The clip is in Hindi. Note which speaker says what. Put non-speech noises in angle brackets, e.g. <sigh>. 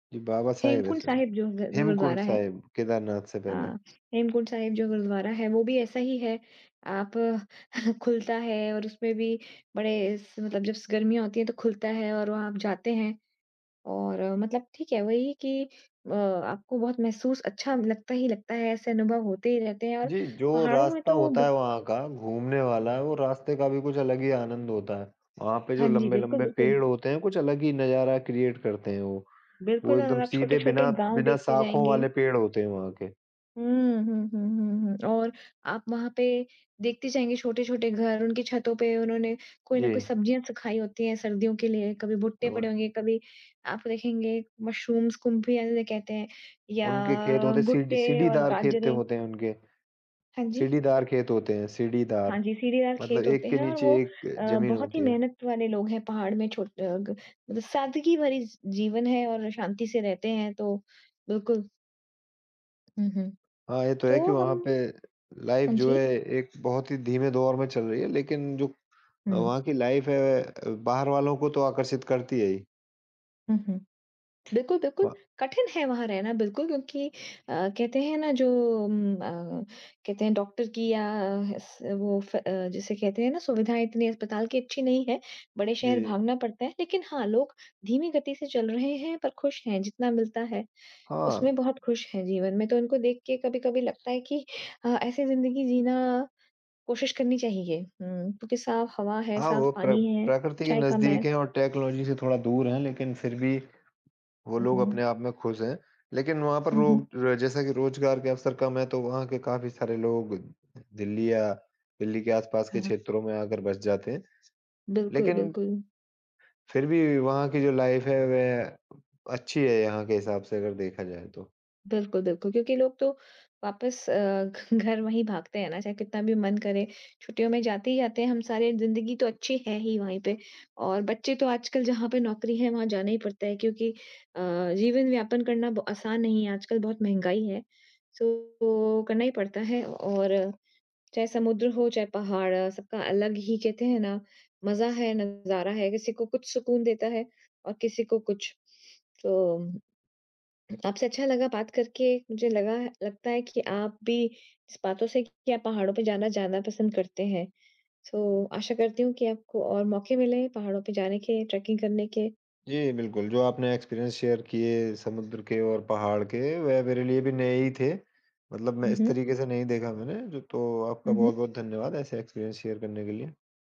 Speaker 1: जी, बाबा साहेब है
Speaker 2: हेमकुंड
Speaker 1: शायद।
Speaker 2: साहिब जो ज़
Speaker 1: हेमकुंड
Speaker 2: गुरुद्वारा है।
Speaker 1: साहेब, केदारनाथ से पहले।
Speaker 2: हाँ। हेमकुंड साहिब जो गुरुद्वारा है वो भी ऐसा ही है। आप खुलता है और उसमें भी बड़े स मतलब जस गर्मीयाँ होती है तो खुलता है और वहाँ आप जाते हैं। और मतलब ठीक है वही कि अ, आपको बहुत महसूस अच्छा लगता ही लगता है, ऐसे अनुभव होते ही रहते हैं। और
Speaker 1: जी, जो
Speaker 2: पहाड़ों में
Speaker 1: रास्ता
Speaker 2: तो
Speaker 1: होता है
Speaker 2: बहु
Speaker 1: वहाँ का घूमने
Speaker 2: <unintelligible>
Speaker 1: वाला, वो रास्ते का भी कुछ अलग ही आनंद होता है। वहाँ पे जो
Speaker 2: हाँ जी, बिल्कुल,
Speaker 1: लंबे-लंबे पेड़
Speaker 2: बिल्कुल।
Speaker 1: होते हैं, कुछ अलग ही नज़ारा क्रिएट करते हैं वो। वो
Speaker 2: बिल्कुल
Speaker 1: एकदम
Speaker 2: और आप
Speaker 1: सीधे
Speaker 2: छोटे-छोटे
Speaker 1: बिना
Speaker 2: गाँव
Speaker 1: बिना
Speaker 2: देखते
Speaker 1: शाखों
Speaker 2: जाएँगे।
Speaker 1: वाले पेड़ होते हैं वहाँ के।
Speaker 2: हुँ। हुँ, हुँ, हुँ, हुँ और आप वहाँ पे देखते जाएँगे छोटे-छोटे घर, उनकी छतों पे उन्होंने कोई न कोई
Speaker 1: जी।
Speaker 2: सब्जियाँ सुखाई होती है सर्दियों के लिए। कभी भुट्टे
Speaker 1: और
Speaker 2: पड़े होंगे, कभी आप देखेंगे मशरूम्स, कुम्फियाँ जिन्हे कहते हैं
Speaker 1: उनके खेत
Speaker 2: या
Speaker 1: होते हैं सीढ़ी
Speaker 2: भुट्टे और
Speaker 1: सीढ़ीदार खेत
Speaker 2: बाजरे।
Speaker 1: होते हैं उनके।
Speaker 2: हाँ जी।
Speaker 1: सीढ़ीदार खेत होते हैं
Speaker 2: हाँ
Speaker 1: सीढ़ीदार
Speaker 2: जी, सीढ़ीदार
Speaker 1: मतलब
Speaker 2: खेत होते
Speaker 1: एक के
Speaker 2: हैं और
Speaker 1: नीचे
Speaker 2: वो
Speaker 1: एक
Speaker 2: अ,
Speaker 1: ज़मीन
Speaker 2: बहुत ही
Speaker 1: होती है।
Speaker 2: मेहनत वाले लोग हैं पहाड़ में। छो अ, ग सादगी भरी स जीवन है और शांति से रहते हैं तो बिल्कुल। हुँ, हुँ।
Speaker 1: हाँ, ये तो है कि
Speaker 2: तो
Speaker 1: वहाँ
Speaker 2: हम
Speaker 1: पे लाइफ़
Speaker 2: हाँ
Speaker 1: जो है
Speaker 2: जी।
Speaker 1: एक बहुत ही धीमे दौर में चल रही है। लेकिन जो
Speaker 2: हुँ।
Speaker 1: वहाँ की लाइफ़ है, बाहर वालों को तो आकर्षित करती है ही।
Speaker 2: हुँ, हुँ। बिल्कुल-बिल्कुल।
Speaker 1: वा
Speaker 2: कठिन है वहाँ रहना बिल्कुल क्योंकि अ, कहते हैं ना जो उम, अ, कहते हैं डॉक्टर की या स वो अ अ, जिसे कहते हैं ना सुविधाएँ इतनी अस्पताल की अच्छी नहीं है, बड़े शहर
Speaker 1: जी।
Speaker 2: भागना पड़ता है। लेकिन हाँ, लोग धीमी गति से चल रहे हैं पर खुश हैं। जितना मिलता है,
Speaker 1: हाँ।
Speaker 2: उसमें बहुत खुश हैं जीवन में। तो उनको देख के कभी-कभी लगता है कि अ, ऐसी ज़िंदगी जीना कोशिश करनी चाहिए। हुँ, क्योंकि साफ़ हवा है,
Speaker 1: हाँ,
Speaker 2: साफ़
Speaker 1: वो प्र
Speaker 2: पानी है,
Speaker 1: प्रकृति के
Speaker 2: इच्छाएँ कम है।
Speaker 1: नज़दीक हैं और टेक्नोलॉज़ी से थोड़ा दूर हैं लेकिन फिर भी वो
Speaker 2: हुँ,
Speaker 1: लोग
Speaker 2: हुँ।
Speaker 1: अपने आप में खुश हैं। लेकिन वहाँ पर
Speaker 2: हुँ, हुँ।
Speaker 1: रो जैसा कि रोज़गार के अवसर कम है तो वहाँ के काफ़ी सारे लोग दिल्ली या दिल्ली के आसपास के
Speaker 2: हाँ।
Speaker 1: क्षेत्रों में आकर बस जाते हैं।
Speaker 2: बिल्कुल,
Speaker 1: लेकिन
Speaker 2: बिल्कुल।
Speaker 1: फिर भी वहाँ की जो लाइफ़ है, वह अच्छी है यहाँ के हिसाब से अगर देखा जाए तो।
Speaker 2: बिल्कुल, बिल्कुल क्योंकि लोग तो वापस अ, घ घर मे ही भागते हैं ना, चाहे कितना भी मन करे, छुट्टियों में जाते ही आते हैं हम सारे। जिंदगी तो अच्छी है ही वहीं पे और बच्चे तो आजकल जहाँ पे नौकरी है वहाँ जाना ही पड़ता है। क्योंकि अ, जीवन-यापन करना ब आसान नहीं है, आजकल बहुत महँगाई है सो ओ करना ही पड़ता है। और चाहे समुद्र हो, चाहे पहाड़ सबका अलग ही कहते हैं ना मज़ा है, नज़ारा है। किसी को कुछ सुकून देता है और किसी को कुछ। तो उ आपसे अच्छा लगा बात करके। मुझे लगा लगता है कि आप भी इस बातों से कि आप पहाड़ों पे जाना ज़्यादा पसंद करते हैं। सो आशा करती हूँ कि आपको और मौके मिले पहाड़ों पे जाने के, ट्रैकिंग करने के।
Speaker 1: जी बिल्कुल, जो आपने एक्सपीरियंस शेयर किए समुद्र के और पहाड़ के, वह मेरे लिए भी नए ही थे। मतलब मैं
Speaker 2: हुँ,
Speaker 1: इस
Speaker 2: हुँ।
Speaker 1: तरीक़े से नहीं देखा मैंने। तो आपका
Speaker 2: हुँ, हुँ।
Speaker 1: बहुत-बहुत धन्यवाद ऐसे एक्सपीरियंस शेयर करने के लिए।